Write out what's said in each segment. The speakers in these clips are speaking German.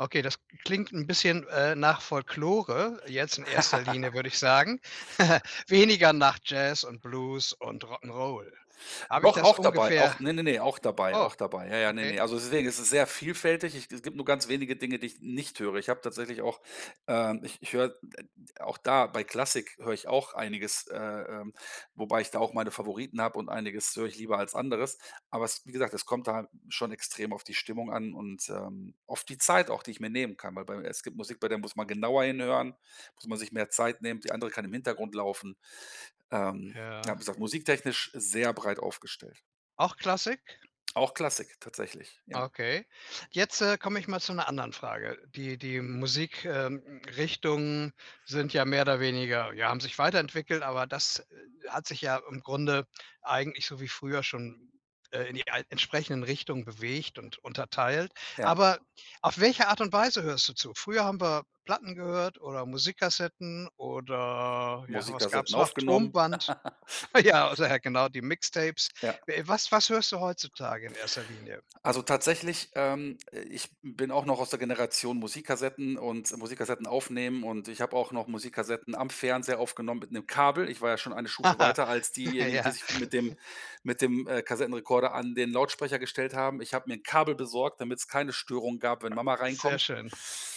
Okay, das k klingt 'n bisschen, äh, nach Folklore jetzt in erster Linie, würde ich sagen. Weniger nach Jazz und Blues und Rock 'n' Roll. Habe ich Doch das auch dabei, auch ungefähr ne, ne, ne auch dabei Oh, auch dabei, ja, ja, ne, okay. ne, also, deswegen ist es sehr vielfältig. Ich g es gibt nur ganz wenige Dinge, die ich nicht höre. Ich habe tatsächlich auch, ähm ich ich höre auch da bei Klassik höre ich auch einiges, äh, ähm, wobei ich da auch meine Favoriten habe und einiges höre ich lieber als anderes, aber es wie gesagt, es kommt da schon extrem auf die Stimmung an und, ähm, auf die Zeit auch, die ich mir nehmen kann, weil bei es gibt Musik, bei der muss man genauer hinhören, muss man sich mehr Zeit nehmen, die andere kann im Hintergrund laufen. Ähm, ja, Ja. wie gesagt, musiktechnisch sehr breit aufgestellt. Auch Klassik? Auch Klassik tatsächlich, ja. Okay. Jetzt, äh, komme ich mal zu 'ner anderen Frage. Die die Musik ähm, Richtungen sind ja mehr oder weniger ja, haben sich weiterentwickelt, aber das, äh, hat sich ja im Grunde eigentlich so wie früher schon, äh, in die al entsprechenden Richtungen bewegt und unterteilt. Ja. Aber auf welche Art und Weise hörst du zu? Früher haben wir Platten gehört oder Musikkassetten oder ja, was Musikersetten gab's noch, aufgenommen. Tonband. Ja, oder, genau, die Mixtapes. Ja. We was was hörst du heutzutage in erster Linie? Also tatsächlich, ähm ich bin auch noch aus der Generation Musikkassetten und Musikkassetten aufnehmen und ich habe auch noch Musikkassetten am Fernseher aufgenommen mit 'nem Kabel. Ich war ja schon eine Stufe weiter als diejenigen, die Ja. sich mit dem mit dem, äh, Kassettenrekorder an den Lautsprecher gestellt haben. Ich habe mir 'n Kabel besorgt, damit's keine Störung gab, wenn Mama Sehr reinkommt. schön,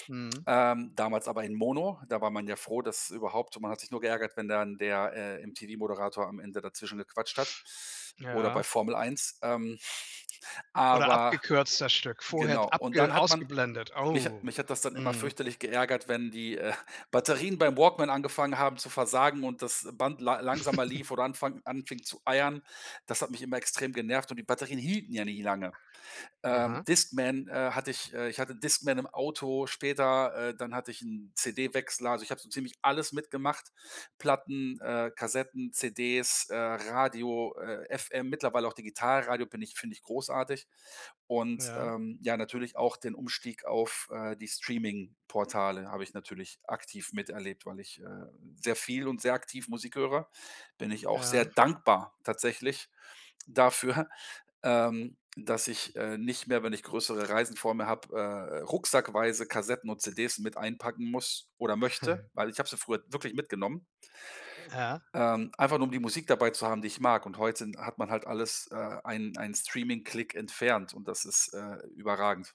mhm. Ähm, damals aber in mono, da war man ja froh, dass überhaupt man hat sich nur geärgert, wenn dann der, äh, MTV-Moderator am Ende dazwischen gequatscht hat oder bei Ja. Formel Eins, ähm Oder aber abgekürzt das Stück, vorher genau und dann abge hat man ausgeblendet. mich hat Oh, mich hat das dann immer mhm. fürchterlich geärgert, wenn die, äh, Batterien beim Walkman angefangen haben zu versagen und das Band la langsamer lief oder anfang anfing zu eiern. Das hat mich immer extrem genervt und die Batterien hielten ja nie lange. Äh, Aha. Discman, äh, hatte ich äh, ich hatte Discman im Auto später, äh, dann hatte ich 'n CD-Wechsler. Also ich habe so ziemlich alles mitgemacht. Platten, äh, Kassetten, CDs, äh, Radio, äh, FM, mittlerweile auch Digitalradio bin ich finde ich großartig und, Ja. ähm, ja natürlich auch den Umstieg auf, äh, die Streamingportale habe ich natürlich aktiv miterlebt, weil ich, äh, sehr viel und sehr aktiv Musik höre, bin ich auch sehr Ja. dankbar tatsächlich dafür, ähm, dass ich, äh, nicht mehr, wenn ich größere Reisen vor mir habe, äh, äh, rucksackweise Kassetten und CDs mit einpacken muss oder möchte, weil ich habe sie früher wirklich mitgenommen Ja. ähm, einfach nur um die Musik dabei zu haben, die ich mag und heute sind hat man halt alles, äh, einen einen Streaming-Klick entfernt und das ist, äh, überragend.